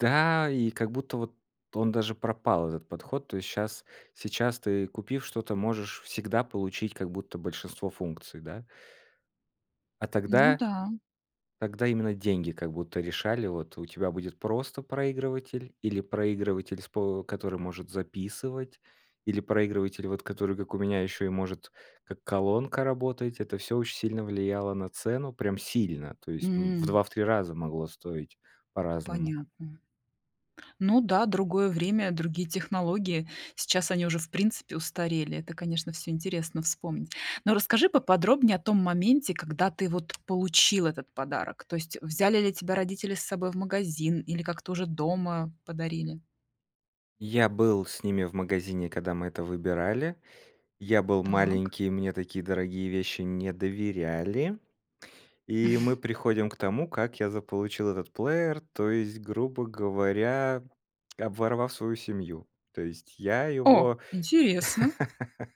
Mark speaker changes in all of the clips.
Speaker 1: Та, и как будто вот он даже пропал, этот подход. То есть щас, сейчас ты купив что-то можешь всегда получить как будто большинство функций, да? А
Speaker 2: Ну
Speaker 1: тогда,
Speaker 2: да.
Speaker 1: тогда именно деньги как будто решали, вот у тебя будет просто проигрыватель или проигрыватель с по который может записывать или проигрыватель, вот который как у меня еще и может как колонка работать, это всё очень сильно влияло на цену, прям сильно, то есть, м, в
Speaker 2: М.
Speaker 1: 2, в 3 раза, могло стоить по-разному.
Speaker 2: Понятно. Ну да, другое время, другие технологии, сейчас они уже в принципе устарели, это, конечно, всё интересно вспомнить. Но расскажи поподробнее о том моменте, когда ты вот получил этот подарок, то есть взяли ли тебя родители с собой в магазин или как-то уже дома подарили?
Speaker 1: Я был с ними в магазине когда мы это выбирали. Я был
Speaker 2: Так.
Speaker 1: маленький, мне такие дорогие вещи не доверяли. И мы приходим к тому, как я заполучил этот плеер, то есть, грубо говоря, обворовав свою семью. То есть, я
Speaker 2: О,
Speaker 1: его,
Speaker 2: интересно!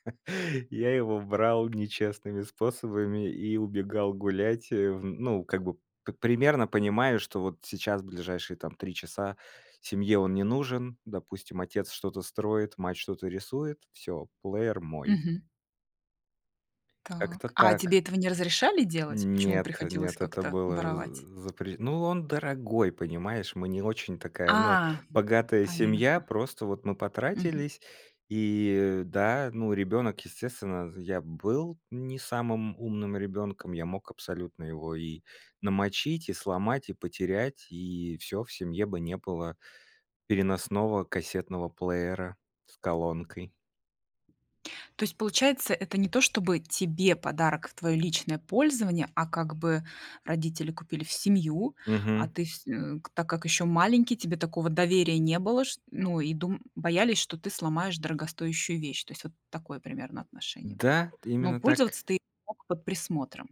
Speaker 1: я его брал нечестными способами и убегал гулять, э, в ну, как бы п примерно понимая, что вот сейчас, ближайшие там 3 часа, семье он не нужен. Допустим, отец что-то строит, мать что-то рисует, всё, плеер мой.
Speaker 2: Мгм.
Speaker 1: Как-то
Speaker 2: Так. А
Speaker 1: так.
Speaker 2: тебе этого не разрешали делать? Почему
Speaker 1: Нет,
Speaker 2: приходилось
Speaker 1: нет, это
Speaker 2: как-то
Speaker 1: было
Speaker 2: воровать?
Speaker 1: з запре Ну, он дорогой, понимаешь, мы не очень такая, ну
Speaker 2: А,
Speaker 1: богатая семья,
Speaker 2: понятно.
Speaker 1: просто вот мы
Speaker 2: Мгм.
Speaker 1: потратились. И, да, ну ребенок, естественно, я был не самым умным ребенком, я мог абсолютно его и намочить, и сломать, и потерять, и всё, в семье бы не было переносного кассетного плеера с колонкой.
Speaker 2: То есть получается, это не то, чтобы тебе подарок в твоё личное пользование, а как бы родители купили в семью, а
Speaker 1: Мгм.
Speaker 2: ты вс м, так как ещё маленький, тебе такого доверия не было шт ну и дум боялись, что ты сломаешь дорогостоящую вещь. То есть вот такое примерно отношение было.
Speaker 1: Да, т
Speaker 2: Но
Speaker 1: именно так.
Speaker 2: пользоваться ты мог под присмотром.